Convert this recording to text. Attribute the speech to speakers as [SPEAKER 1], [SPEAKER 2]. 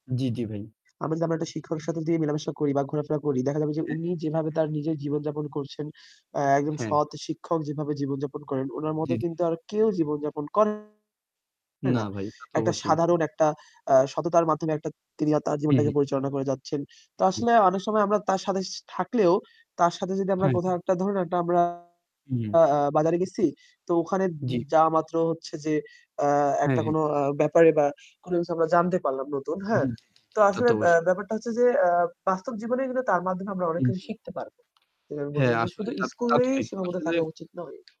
[SPEAKER 1] জি, জি, ভাই।
[SPEAKER 2] আমরা যদি আমরা একটা শিক্ষকের সাথে যদি মেলামেশা করি বা ঘোরাফেরা করি, দেখা যাবে যে
[SPEAKER 1] জি, জি।
[SPEAKER 2] উনি যেভাবে
[SPEAKER 1] জি,
[SPEAKER 2] তার
[SPEAKER 1] জি।
[SPEAKER 2] নিজের জীবনযাপন করছেন, অ্যা একজন
[SPEAKER 1] হ্যাঁ।
[SPEAKER 2] সৎ শিক্ষক যেভাবে জীবনযাপন করেন, উনার
[SPEAKER 1] জি,
[SPEAKER 2] মতো
[SPEAKER 1] জি।
[SPEAKER 2] কিন্তু আর কেউ জীবনযাপন করে
[SPEAKER 1] না
[SPEAKER 2] না।
[SPEAKER 1] ভাই। তা তো
[SPEAKER 2] একটা
[SPEAKER 1] অবশ্যই।
[SPEAKER 2] সাধারণ একটা আ সততার মাধ্যমে একটা তিনি আ তার
[SPEAKER 1] হুম,
[SPEAKER 2] জীবনটাকে
[SPEAKER 1] হু।
[SPEAKER 2] পরিচালনা করে যাচ্ছেন। তো
[SPEAKER 1] হুম, হু।
[SPEAKER 2] আসলে অনেক সময় আমরা তার সাথে সা থাকলেও, তার সাথে যদি আমরা
[SPEAKER 1] হ্যাঁ।
[SPEAKER 2] কোথাও একটা ধরুন একটা আমরা
[SPEAKER 1] হু, হুম।
[SPEAKER 2] আ বাজারে গেছি তো ওখানে য
[SPEAKER 1] জি।
[SPEAKER 2] যাওয়া মাত্র হচ্ছে যে আ
[SPEAKER 1] হ্যাঁ,
[SPEAKER 2] একটা
[SPEAKER 1] হ্যাঁ।
[SPEAKER 2] কোনো আ ব্যাপারে বা কোনো কিছু আমরা জানতে পারলাম নতুন,
[SPEAKER 1] জি,
[SPEAKER 2] হ্যাঁ?
[SPEAKER 1] জি। জি, জি, জি।
[SPEAKER 2] তো
[SPEAKER 1] তা
[SPEAKER 2] আসলে
[SPEAKER 1] তো
[SPEAKER 2] অ্যা
[SPEAKER 1] অবশ্যই।
[SPEAKER 2] ব্যাপারটা হচ্ছে যে অ্যা বাস্তব জীবনে কিন্তু তার মাধ্যমে আমরা অনেক
[SPEAKER 1] হুম,
[SPEAKER 2] কিছু
[SPEAKER 1] হুম।
[SPEAKER 2] শিখতে পারবো। যেটা আমি বলতে
[SPEAKER 1] হ্যাঁ,
[SPEAKER 2] চাচ্ছি যে
[SPEAKER 1] আসলে।
[SPEAKER 2] শুধু
[SPEAKER 1] তা তা তো
[SPEAKER 2] স্কুলেই
[SPEAKER 1] ঠিক।
[SPEAKER 2] সীমাবদ্ধ
[SPEAKER 1] আসলে
[SPEAKER 2] থাকা উচিত নয়।